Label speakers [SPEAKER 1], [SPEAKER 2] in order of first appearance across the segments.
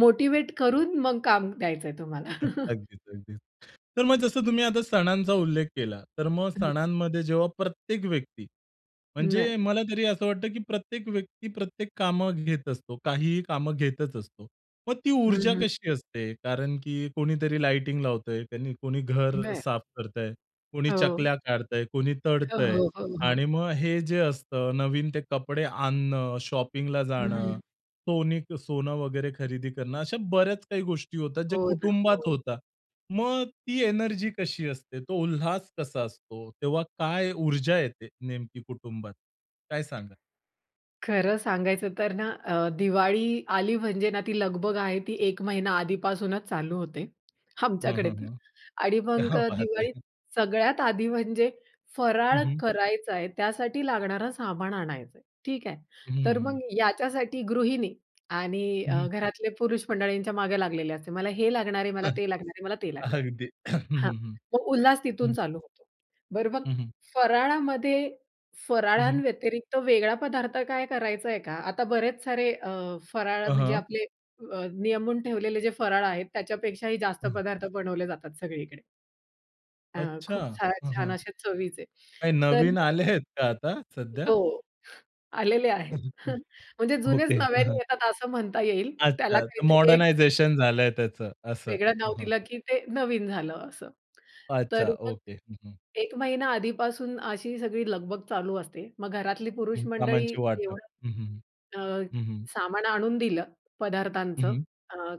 [SPEAKER 1] Motivate करून मग काम द्यायचंय तुम्हाला.
[SPEAKER 2] हं. अगदीच, अगदीच. तर मग जसं तुम्ही आता सणांचा उल्लेख केला, तर मग
[SPEAKER 1] हं.
[SPEAKER 2] सणांमध्ये जेव्हा प्रत्येक व्यक्ती, म्हणजे
[SPEAKER 1] नाही.
[SPEAKER 2] मला तरी असं वाटतं, की प्रत्येक व्यक्ती प्रत्येक कामं घेत असतो, काहीही कामं घेतच असतो. मग ती
[SPEAKER 1] हं,
[SPEAKER 2] ऊर्जा
[SPEAKER 1] हं.
[SPEAKER 2] कशी असते? कारण की कोणीतरी लाइटिंग लावतंय आणि कोणी
[SPEAKER 1] अ,
[SPEAKER 2] घर
[SPEAKER 1] बरं.
[SPEAKER 2] साफ करतंय, कोणी
[SPEAKER 1] हो.
[SPEAKER 2] चकल्या काढतंय, कोणी
[SPEAKER 1] हो,
[SPEAKER 2] तळतंय.
[SPEAKER 1] हो, हो,
[SPEAKER 2] आणि
[SPEAKER 1] हो.
[SPEAKER 2] मग हे जे असतं, नवीन ते कपडे आणणं, शॉपिंगला
[SPEAKER 1] हं.
[SPEAKER 2] जाणं, सोनी सोनं वगैरे खरेदी करणं, अशा बऱ्याच काही गोष्टी होतात जे
[SPEAKER 1] हो ना.
[SPEAKER 2] कुटुंबात
[SPEAKER 1] हो.
[SPEAKER 2] होतात. मग ती एनर्जी कशी असते? तो उल्हास कसा असतो? तेव्हा काय ऊर्जा येते नेमकी कुटुंबात, काय सांगाल?
[SPEAKER 1] खरं सांगायचं तर ना, अ, दिवाळी आली म्हणजे ना, ती लगबग आहे ती 1 महिना आधीपासूनच चालू होते.
[SPEAKER 2] हं,
[SPEAKER 1] आमच्याकडे
[SPEAKER 2] हं,
[SPEAKER 1] तर.
[SPEAKER 2] हं.
[SPEAKER 1] आणि मग
[SPEAKER 2] क्या
[SPEAKER 1] अ,
[SPEAKER 2] बात
[SPEAKER 1] दिवाळी
[SPEAKER 2] है!
[SPEAKER 1] सगळ्यात आधी, म्हणजे
[SPEAKER 2] हं,
[SPEAKER 1] फराळ
[SPEAKER 2] हं.
[SPEAKER 1] करायचाय, त्यासाठी लागणारं सामान आणायचंय, ठीक आहे.
[SPEAKER 2] हं, हं,
[SPEAKER 1] तर
[SPEAKER 2] हं.
[SPEAKER 1] मग याच्यासाठी गृहिणी आणि
[SPEAKER 2] हं, हं.
[SPEAKER 1] घरातले पुरुष मंडळींच्या मागे लागलेले असते. "मला हे लागणार आहे, मला ते लागणार आहे, मला ते लागणार आहे."
[SPEAKER 2] अगदी. हं,
[SPEAKER 1] हां.
[SPEAKER 2] हं, हं.
[SPEAKER 1] तो उल्हास तिथून
[SPEAKER 2] हं.
[SPEAKER 1] चालू होतो. बरं मग
[SPEAKER 2] हं, हं.
[SPEAKER 1] फराळामध्ये,
[SPEAKER 2] हं, हं.
[SPEAKER 1] फराळांव्यतिरिक्त वेगळा पदार्थ काय करायचाय का? आता बरेच सारे अ, फराळ,
[SPEAKER 2] हं,
[SPEAKER 1] म्हणजे
[SPEAKER 2] हं.
[SPEAKER 1] आपले नियमून ठेवलेले जे फराळ आहेत, त्याच्यापेक्षाही जास्त
[SPEAKER 2] हं.
[SPEAKER 1] पदार्थ बनवले जातात सगळीकडे. अ,
[SPEAKER 2] अच्छा.
[SPEAKER 1] खूप साऱ्या
[SPEAKER 2] हं,
[SPEAKER 1] छान
[SPEAKER 2] हं.
[SPEAKER 1] अशा चवीचे.
[SPEAKER 2] काय
[SPEAKER 1] तर
[SPEAKER 2] नवीन
[SPEAKER 1] मग
[SPEAKER 2] आले आहेत का आता, सध्या?
[SPEAKER 1] हो, आलेले
[SPEAKER 2] हं,
[SPEAKER 1] आहेत.
[SPEAKER 2] हं.
[SPEAKER 1] म्हणजे
[SPEAKER 2] हं.
[SPEAKER 1] जुनेच
[SPEAKER 2] ओके.
[SPEAKER 1] नव्याने
[SPEAKER 2] हं.
[SPEAKER 1] येतात, असं म्हणता येईल, त्याला
[SPEAKER 2] अच्छा. तर
[SPEAKER 1] काहीतरी एक.
[SPEAKER 2] मॉडर्नायझेशन झालंय त्याचं, असं?
[SPEAKER 1] वेगळं
[SPEAKER 2] हं,
[SPEAKER 1] नाव
[SPEAKER 2] हं.
[SPEAKER 1] दिलं, की ते नवीन झालं असं. तर
[SPEAKER 2] अच्छा
[SPEAKER 1] मग
[SPEAKER 2] ओके. हं, हं.
[SPEAKER 1] 1 महिना आधीपासून अशी सगळी लगबग चालू असते, मग घरातली पुरुष
[SPEAKER 2] हं.
[SPEAKER 1] मंडळी
[SPEAKER 2] कामांचे वाटप.
[SPEAKER 1] एवढं
[SPEAKER 2] हं, हं,
[SPEAKER 1] अ,
[SPEAKER 2] हं, हं, हं.
[SPEAKER 1] सामान आणून दिलं
[SPEAKER 2] हं,
[SPEAKER 1] पदार्थांचं,
[SPEAKER 2] हं.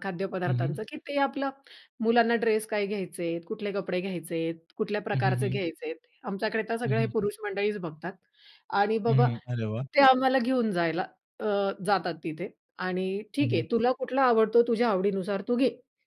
[SPEAKER 1] खाद्य
[SPEAKER 2] हं, हं.
[SPEAKER 1] पदार्थांचं, की ते आपलं मुलांना ड्रेस काय घ्यायचेत, कुठले कपडे घ्यायचे आहेत, कुठल्या
[SPEAKER 2] हं, हं,
[SPEAKER 1] प्रकारचे
[SPEAKER 2] हं.
[SPEAKER 1] घ्यायचेत. आमच्याकडे तर
[SPEAKER 2] हं,
[SPEAKER 1] सगळं हे
[SPEAKER 2] हं.
[SPEAKER 1] पुरुष मंडळीच बघतात आणि
[SPEAKER 2] हं,
[SPEAKER 1] बाबा
[SPEAKER 2] हं, अरे वाह!
[SPEAKER 1] ते आम्हाला घेऊन जायला अ, जातात तिथे आणि
[SPEAKER 2] हं,
[SPEAKER 1] ठीक आहे.
[SPEAKER 2] हं.
[SPEAKER 1] तुला कुठला आवडतो? तुझ्या आवडीनुसार तू घे.